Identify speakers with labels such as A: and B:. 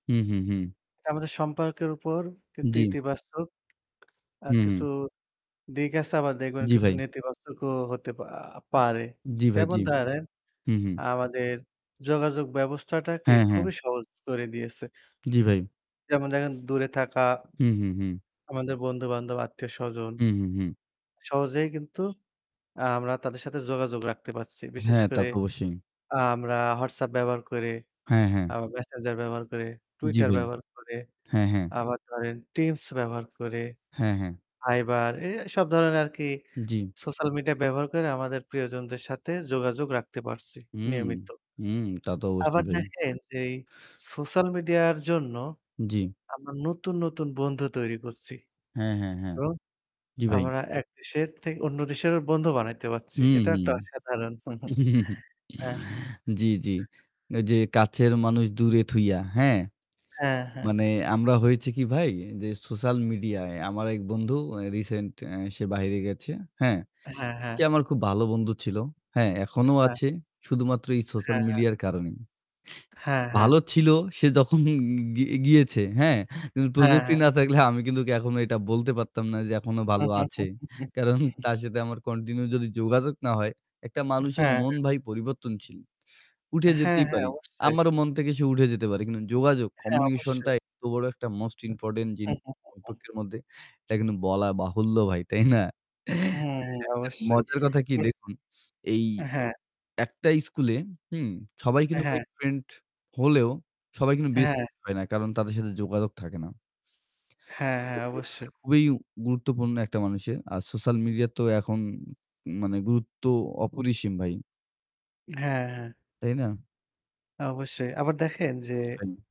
A: হু, হু, হু।
B: এটা আমাদের সম্পর্কের উপর কিন্তু
A: জ্বি।
B: ইতিবাচক আর
A: হু,
B: কিছু
A: হু।
B: দিক আছে আবার দেখবেন
A: জ্বি
B: কিছু
A: ভাই।
B: নেতিবাচকও হতে আ আ পারে।
A: জ্বি ভাই
B: যেমন
A: জি,
B: ধরেন
A: হু, হু।
B: আমাদের যোগাযোগ ব্যবস্থাটাকে
A: হ্যাঁ, হ্যাঁ।
B: খুবই সহজ করে দিয়েছে।
A: জ্বি ভাই।
B: যেমন ধরেন দূরে থাকা।
A: হু, হু, হু।
B: আমাদের বন্ধুবান্ধব, আত্মীয়স্বজন।
A: হু, হু, হু।
B: সহজেই কিন্তু আ আমরা তাদের সাথে যোগাযোগ রাখতে পারছি। বিশেষ
A: হ্যাঁ, তা
B: করে
A: তো অবশ্যই।
B: আ আমরা WhatsApp ব্যবহার করে,
A: হ্যাঁ, হ্যাঁ।
B: আবার Messenger ব্যবহার করে,
A: জী
B: Twitter
A: ভাই।
B: ব্যবহার করে,
A: হ্যাঁ, হ্যাঁ।
B: আবার ধরেন Teams ব্যবহার করে,
A: হ্যাঁ, হ্যাঁ।
B: Fiverr এ এ সব ধরনের আর কি
A: জ্বি।
B: Social media ব্যবহার করে আমাদের প্রিয়জনদের সাথে যোগাযোগ রাখতে পারছি
A: হুম,
B: নিয়মিত।
A: হুম। তা তো অবশ্যই
B: আবার
A: ভাই।
B: দেখেন যে এই Social media র জন্য
A: জ্বি।
B: আমরা নতুন, নতুন বন্ধু তৈরি করছি।
A: হ্যাঁ, হ্যাঁ, হ্যাঁ।
B: এবং
A: জ্বি ভাই।
B: আমরা ১ দেশের থেকে অন্য দেশের বন্ধু বানাইতে পারছি।
A: হু, হু।
B: একটা অসাধারণ। হ্যাঁ।
A: জ্বি, জ্বি। যে কাছের মানুষ দূরে থুইয়া, হ্যাঁ।
B: হ্যাঁ, হ্যাঁ।
A: মানে আমরা হয়েছি কি ভাই যে Social media এ আমার এক বন্ধু আ রিসেন্ট আ সে বাইরে গেছে। হ্যাঁ।
B: হ্যাঁ, হ্যাঁ।
A: সে আমার খুব ভালো বন্ধু ছিল। হ্যাঁ এখনো
B: হ্যাঁ।
A: আছে। শুধুমাত্র এই Social
B: হ্যাঁ, হ্যাঁ।
A: media এর কারণেই।
B: হ্যাঁ, হ্যাঁ।
A: ভালো ছিল সে যখন গি গি গিয়েছে। হ্যাঁ? কিন্তু
B: হ্যাঁ,
A: প্রযুক্তি
B: হ্যাঁ।
A: না থাকলে আমি কিন্তু ওকে এখনো এটা বলতে পারতাম না যে এখনো ভালো আছে। কারণ তার সাথে আমার কন্টিনিউ যদি যোগাযোগ না হয়, একটা মানুষের
B: হ্যাঁ।
A: মন ভাই পরিবর্তনশীল। উঠে
B: হ্যাঁ,
A: যেতেই
B: হ্যাঁ।
A: পারি।
B: অবশ্যই।
A: আমারও মন থেকে সে উঠে যেতে পারে। কিন্তু যোগাযোগ
B: হ্যাঁ,
A: কমিউনিকেশন টা
B: অবশ্যই।
A: এত বড় একটা মোস্ট ইম্পোর্টেন্ট জিনিস [unintelligible] মধ্যে। এটা কিন্তু বলা বাহুল্য ভাই, তাই না?
B: হুম,
A: একটা
B: অবশ্যই।
A: মজার কথা কি
B: কি
A: দেখুন, এই
B: হ্যাঁ।
A: একটা স্কুলে হুম সবাই কিন্তু ভাই
B: হ্যাঁ।
A: ফ্রেন্ড হলেও সবাই কিন্তু বেস্ট
B: হ্যাঁ।
A: ফ্রেন্ড হয় না। কারণ তাদের সাথে যোগাযোগ থাকে না।
B: হ্যাঁ, হ্যাঁ, অবশ্যই।
A: [unintelligible] খুবই গুরুত্বপূর্ণ একটা মানুষের। আর Social media তো এখন মানে গুরুত্ব অপরিসীম ভাই।
B: হ্যাঁ, হ্যাঁ।
A: তাই না?
B: অবশ্যই। আবার দেখেন যে...
A: জ্বি ভাই।